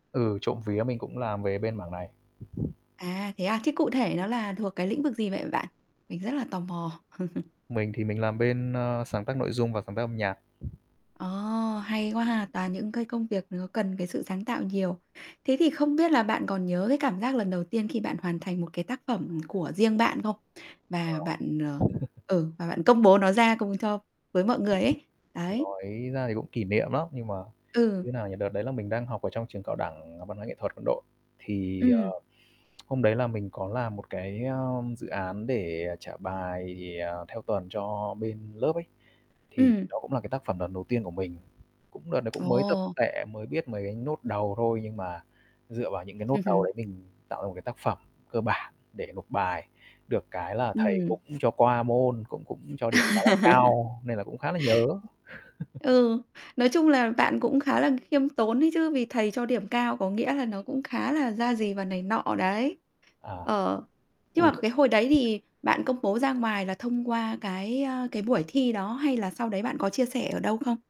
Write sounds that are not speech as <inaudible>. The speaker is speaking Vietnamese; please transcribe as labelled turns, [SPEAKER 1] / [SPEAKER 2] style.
[SPEAKER 1] Ừ, trộm vía mình cũng làm về bên mảng này.
[SPEAKER 2] À, thế à? Thế cụ thể nó là thuộc cái lĩnh vực gì vậy v bạn? Mình rất là tò mò. <chuckles>
[SPEAKER 1] Mình thì mình làm bên, ờ, sáng tác nội dung và sáng tác âm nhạc.
[SPEAKER 2] Ờ, hay quá ha! Toàn những cái công việc nó cần cái sự sáng tạo nhiều. Thế thì không biết là bạn còn nhớ cái cảm giác lần đầu tiên khi bạn hoàn thành một cái tác phẩm của riêng bạn không? Và
[SPEAKER 1] Ờ.
[SPEAKER 2] bạn, ờ
[SPEAKER 1] <chuckles>
[SPEAKER 2] ừ, và bạn công bố nó ra cùng cho với mọi người ấy. Đấy.
[SPEAKER 1] Nói ra thì cũng kỷ niệm lắm, nhưng mà
[SPEAKER 2] Ừ.
[SPEAKER 1] thế nào nhỉ, đợt đấy là mình đang học ở trong trường cao đẳng Văn hóa Nghệ thuật Quân đội, thì,
[SPEAKER 2] Ừm.
[SPEAKER 1] ờ, hôm đấy là mình có làm một cái, à, dự án để, à, trả bài, ờ, theo tuần cho bên lớp ấy, thì
[SPEAKER 2] Ừm.
[SPEAKER 1] nó cũng là cái tác phẩm lần đầu tiên của mình. Cũng đợt đấy cũng mới tập
[SPEAKER 2] Ồ.
[SPEAKER 1] tọe, mới biết mấy cái nốt đầu thôi, nhưng mà dựa vào những cái nốt đầu
[SPEAKER 2] <chuckles>
[SPEAKER 1] đấy mình tạo ra một cái tác phẩm cơ bản để nộp bài. Được cái là thầy
[SPEAKER 2] Ừm.
[SPEAKER 1] cũng cho qua môn, cũng cũng cho điểm khá là
[SPEAKER 2] <laughs>
[SPEAKER 1] cao nên là cũng khá là nhớ. <chuckles>
[SPEAKER 2] Ừ, nói chung là bạn cũng khá là khiêm tốn đấy chứ, vì thầy cho điểm cao có nghĩa là nó cũng khá là ra gì và này nọ đấy.
[SPEAKER 1] À,
[SPEAKER 2] Ờ, nhưng mà
[SPEAKER 1] ôi.
[SPEAKER 2] cái hồi đấy thì bạn công bố ra ngoài là thông qua cái, à, cái buổi thi đó hay là sau đấy bạn có chia sẻ ở đâu không?